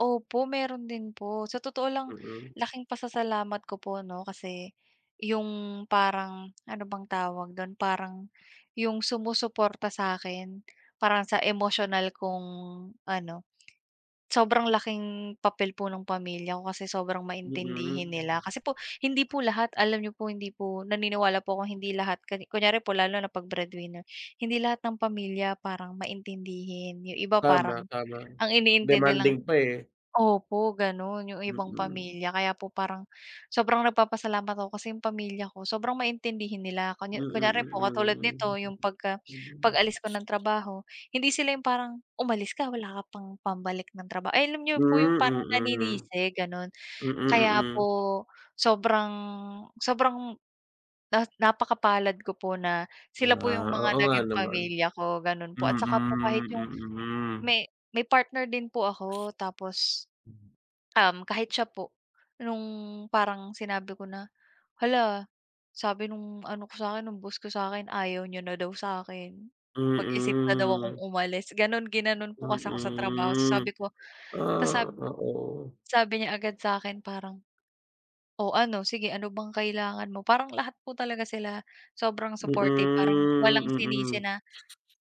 Opo, mayro'n din po sa totoo lang, Mm. laking pasasalamat ko po 'no kasi, yung parang ano bang tawag do'n? Parang yung sumusuporta sa'kin parang sa emosyonal kung ano, sobrang laking papel po ng pamilya ko kasi sobrang maintindihin Mm. nila. Kasi po hindi po lahat, alam niyo po hindi po naniniwala po akong hindi lahat ka kunyari po lalo na pag breadwinner, hindi lahat ng pamilya parang maintindihin, yung iba Tama, parang, tama. ang iniintindi lang Demanding pa, eh. Opo gano'n yung ibang Mm. pamilya, kaya po parang sobrang nagpapasalamat ako kasi yung pamilya ko sobrang maintindihin nila kun kunyari po katulad nito Mm, yung pagka mm. pag-alis ko ng trabaho, hindi sila yung parang, "umalis ka wala ka pang pambalik ng trabaho" ay, alam niyo Hmm, po yung parang mm. naninisi gano'n. Mm, Kaya mm. po sobrang, sobrang na napakapalad ko po na sila po yung Ah, mga oo nga naging naman. pamilya ko gano'n po Mm, at saka po kahit yung, mm. may may partner din po ako tapos, um, kahit siya po nung parang sinabi ko na "Hala, sabi nung ano ko sa akin ng boss ko sa'kin ayaw niya na daw sa akin. Mag-isip na daw akong Mm. umalis" ganon, ginanon po kasi ako sa trabaho ta's Mm, sabi ko, ta's sab ah, oo. sabi niya agad sa'kin parang, "Oh, ano sige ano bang kailangan mo?" Parang lahat po talaga sila sobrang supportive parang Mm, walang sinisi mm. na,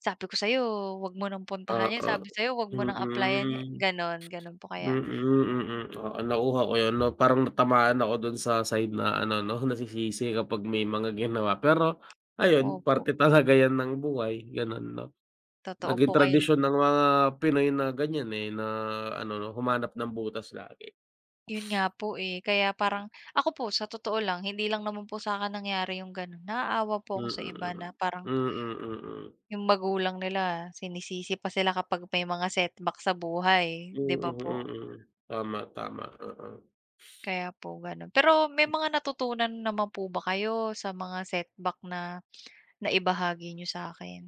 "Sabi ko sa'yo 'wag mo ng puntahan yan, Oo, sabi sayo 'wag mo ng applyan yan" mm, ganon, ganon po kaya mm, mm. Oo, nakuha ko 'yun 'no parang natamaan ako do'n sa side na ano 'no, nasisisi kapag may mga ginawa. Pero ayun, Opo. parte talaga yan ng buhay gano'n 'no. Totoo Naging po kaya tradisyon ng mga Pinoy na ganyan, eh, na ano 'no humanap ng butas lagi. 'Yun nga po, eh, kaya parang ako po sa totoo lang hindi lang naman po sa'kin nangyari yung gano'n, naaawa po ako sa iba na Mm. Mm, parang mm. 'yung magulang nila sinisisi pa sila kapag may mga setback sa buhay, 'di ba Mm, po? mm. Tama, tama oo. Kaya po gano'n, pero may mga natutunan naman po ba kayo sa mga setback na na-ibahagi niyo sa'kin?